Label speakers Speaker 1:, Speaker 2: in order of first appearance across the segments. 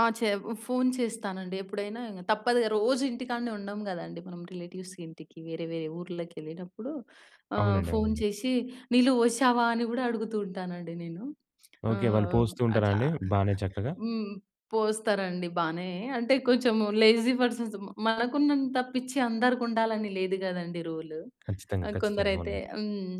Speaker 1: ఆ! చె ఫోన్ చేస్తానండి. ఎప్పుడైనా ఇంగ తప్పదు‌గా రోజు ఇంటికాడనే ఉండం గదండీ! మనం రిలేటివ్స్ ఇంటికి వేరే వేరే ఊర్లకి ఎళ్ళిటప్పుడు ఆహ్,
Speaker 2: అవునండి.
Speaker 1: ఫోన్
Speaker 2: అవునండి.
Speaker 1: చేశి "నీల్లు ఫోశావా?" అని గూడా అడుగుతూ ఉంటానండి నేను.
Speaker 2: ఓకే. వాళ్ళు
Speaker 1: ఆహ్,
Speaker 2: పోస్తూ ఉంటారా
Speaker 1: అట్లా
Speaker 2: అండి? బానే చక్కగా?
Speaker 1: హ్మ్. పోస్తారండి బానే అంటే కొంచెం లేజీ పర్సన్స్ మ మనకున్నంత పిచ్చి అందరికుండాలని లేదు గదండీ రూల్.
Speaker 2: ఖచ్చితంగా!
Speaker 1: ఆహ్,
Speaker 2: ఖచ్చితంగా!
Speaker 1: కొందరైతే
Speaker 2: అవునండి.
Speaker 1: హ్మ్.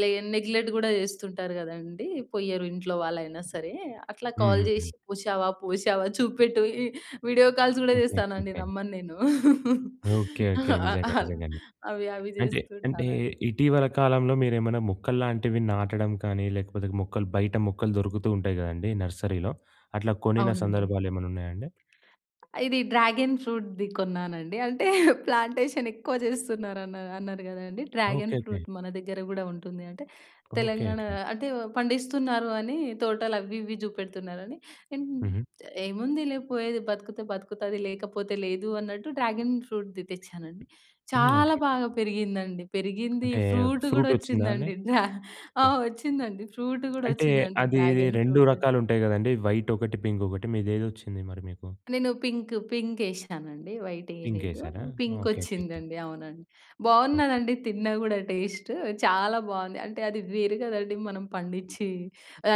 Speaker 1: లె నెగ్లెక్ట్ గూడా జేస్తుంటారు గదండీ! పోయరు ఇంట్లో వాళ్లయినా సరే, అట్లా కాల్
Speaker 2: హుహుహు.
Speaker 1: జేశి "పోశావా? పోశావా? చూపెట్టు" ఇ వీడియో కాల్స్ గూడా జేస్తానండి
Speaker 2: ఓకేకేకే.
Speaker 1: నమ్మను నేను.
Speaker 2: ఓకే. ఓకే
Speaker 1: ఆహ్,
Speaker 2: నిజంగా
Speaker 1: ఆహ్,
Speaker 2: నిజంగానే.
Speaker 1: అవి అవి
Speaker 2: అంటే అంటే
Speaker 1: జేస్తుంటానండి.
Speaker 2: ఇటీవల కాలంలో మీరేమైనా మొక్కల్లాంటివి నాటడం కానీ లేకపోతే మొక్కలు బయట మొక్కలు దొరుకుతూ ఉంటాయి గదండీ! నర్సరీ‌లో? అట్లా కొనిన
Speaker 1: అవునండి.
Speaker 2: సందర్భాలు ఏమన్నా ఉన్నాయా అండి?
Speaker 1: ఇది డ్రాగన్ ఫ్రూట్‌ది కొన్నానండి. అంటే ప్లాంటేషన్ ఎక్కువ జేస్తున్నారన్నారు అన్నారు గదండీ. Dragon
Speaker 2: okay. ఓకే.
Speaker 1: ఫ్రూట్ మన దగ్గర గూడా ఉంటుంది, అంటే
Speaker 2: ఓకే.
Speaker 1: తెలంగాణ
Speaker 2: ఓకే.
Speaker 1: అంటే పండిస్తున్నారు అని తోటలు అవి ఇవి జూపెడుతున్నారని అన్
Speaker 2: హుహు.
Speaker 1: ఏముందిలే పోయేది బతుకుతే బతుకుతది, లేకపోతే లేదు అన్నట్టు డ్రాగన్ ఫ్రూట్‌ది తెచ్చానండి.
Speaker 2: హ్మ్. ఓకే.
Speaker 1: చాలా
Speaker 2: ఓకే.
Speaker 1: బాగా పెరిగిందండి. పెరిగింది
Speaker 2: అంటే
Speaker 1: ఫ్రూట్ గూడా
Speaker 2: ఫ్రూట్ ఒచ్చిందా అండి?
Speaker 1: ఒచ్చిందండి. డ్రా ఆ!
Speaker 2: ఓకే.
Speaker 1: ఒచ్చిందండి ఫ్రూట్ గూడా
Speaker 2: అంటే
Speaker 1: ఒచ్చిందండి
Speaker 2: అది ది
Speaker 1: డ్రాగన్
Speaker 2: 2
Speaker 1: ఫ్రూట్.
Speaker 2: రకాలుంటాయి గదండీ, వైట్ ఒకటి, పింక్ ఒకటి మీదేది ఒచ్చింది మరి మీకు?
Speaker 1: నేను పింక్ పింక్ ఎశానండి. వైట్
Speaker 2: పింక్
Speaker 1: ఎయలేదు.
Speaker 2: ఎసారా!
Speaker 1: Pink
Speaker 2: okay.
Speaker 1: ఒచ్చిందండి. అవునండి.
Speaker 2: స్ ఓకే.
Speaker 1: బావున్నదండి. తిన్నా గూడా టేస్ట్ చాలా బావుంది. అంటే అది వేరు గదండీ. మనం పండిచ్చి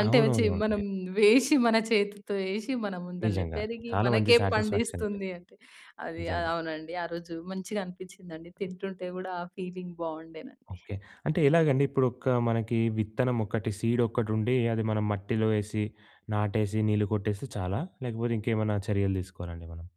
Speaker 1: అంటే చి మనం
Speaker 2: అవునవునవునండి.
Speaker 1: వేసి మన చేతితో ఎశి మన ముందలనే
Speaker 2: నిజంగా.
Speaker 1: పెరిగి
Speaker 2: చాలా మంచి
Speaker 1: మనకే
Speaker 2: సాటి‌స్‌ఫ్యాక్షన్ అండి.
Speaker 1: పండిస్తుంది అంటే అది ఆహ్,
Speaker 2: నిజంగా.
Speaker 1: అవునండి. ఆరోజు మంచిగా అనిపించిందండి తింటుంటే గూడా ఆ ఫీలింగ్ బావుండేనండి.
Speaker 2: ఓకే. అంటే ఎలాగండి ఇప్పుడు ఒక మనకి విత్తనం ఒకటి సీడ్ ఒకటి ఉండి అది మనం మట్టిలో ఎసి, నాటేసి, నీళ్లు కొట్టేస్తే చాలా? లేకపోతే ఇంకేమన్నా చర్యలు తీసుకోవాల అండి మనం?